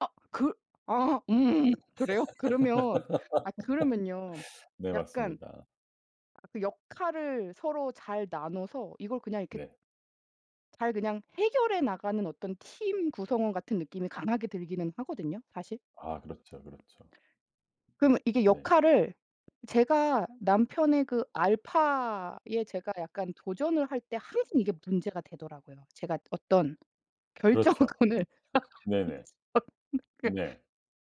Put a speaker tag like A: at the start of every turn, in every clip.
A: 아 그 아 음 그래요? 그러면 아 그러면요.
B: 네
A: 약간
B: 맞습니다.
A: 그 역할을 서로 잘 나눠서 이걸 그냥 이렇게
B: 네.
A: 잘 그냥 해결해 나가는 어떤 팀 구성원 같은 느낌이 강하게 들기는 하거든요 사실.
B: 아 그렇죠, 그렇죠.
A: 그러면 이게
B: 네.
A: 역할을 제가 남편의 그 알파에 제가 약간 도전을 할 때 항상 이게 문제가 되더라고요. 제가 어떤
B: 그렇죠.
A: 결정권을
B: 네네.
A: [unintelligible]
B: 네.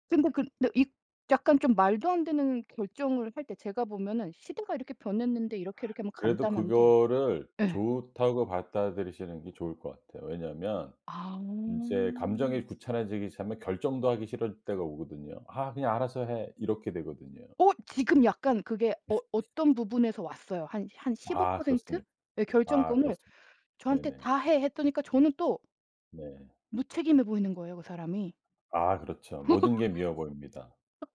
A: 근데 그 네 이 약간 좀 말도 안 되는 결정을 할 때 제가 보면은 시대가 이렇게 변했는데 이렇게, 이렇게 하면
B: 그래도
A: 간단한데
B: 그거를
A: 예.
B: 좋다고 받아들이시는 게 좋을 것 같아요. 왜냐하면
A: 아.
B: 인제 감정이 귀찮아지기 시작하면 결정도 하기 싫을 때가 오거든요. "아 그냥 알아서 해." 이렇게 되거든요.
A: 어 지금 약간 그게 어 어 어떤 부분에서 왔어요. 한 한 십오
B: 아
A: 프로
B: 그렇습니다.
A: 의
B: 아
A: 결정권을
B: 그렇습니다.
A: 저한테
B: 네네.
A: 다 해 했다니까 저는 또
B: 네.
A: 무책임해 보이는 거예요 그 사람이.
B: 아 그렇죠. 모든 게 미워 보입니다.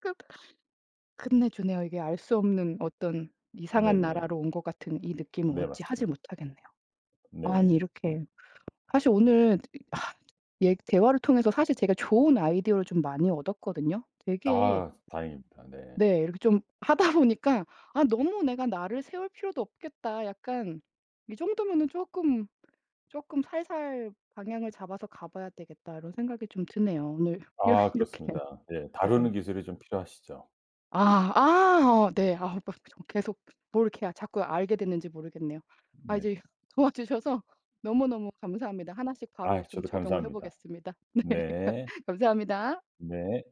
A: 끝 끝내주네요. 이게 알 수 없는 어떤 이상한
B: 네네.
A: 나라로 온 것 같은 이 느낌을
B: 네
A: 어찌 하질
B: 맞습니다.
A: 못하겠네요. 아니
B: 네. 예.
A: 이렇게 사실 오늘 아 네 대화를 통해서 사실 제가 좋은 아이디어를 좀 많이 얻었거든요. 되게
B: 아 다행입니다. 네.
A: 네 이렇게 좀 하다 보니까 아 너무 내가 날을 세울 필요도 없겠다. 약간 이 정도면은 쪼끔, 쪼끔 살살 방향을 잡아서 가봐야 되겠다 이런 생각이 좀 드네요. 오늘 이
B: 아
A: 이렇게
B: 그렇습니다. 네
A: 네.
B: 다루는 기술이 좀 필요하시죠.
A: 아 아 네. 아 막 정말 계속 뭘 이렇게 아 자꾸 알게 됐는지 모르겠네요. 아
B: 네.
A: 이제 도와주셔서 너무너무 감사합니다. 하나씩 바로
B: 아
A: 좀
B: 저도
A: 적용을
B: 감사합니다.
A: 해보겠습니다. 네.
B: 네.
A: 감사합니다.
B: 네.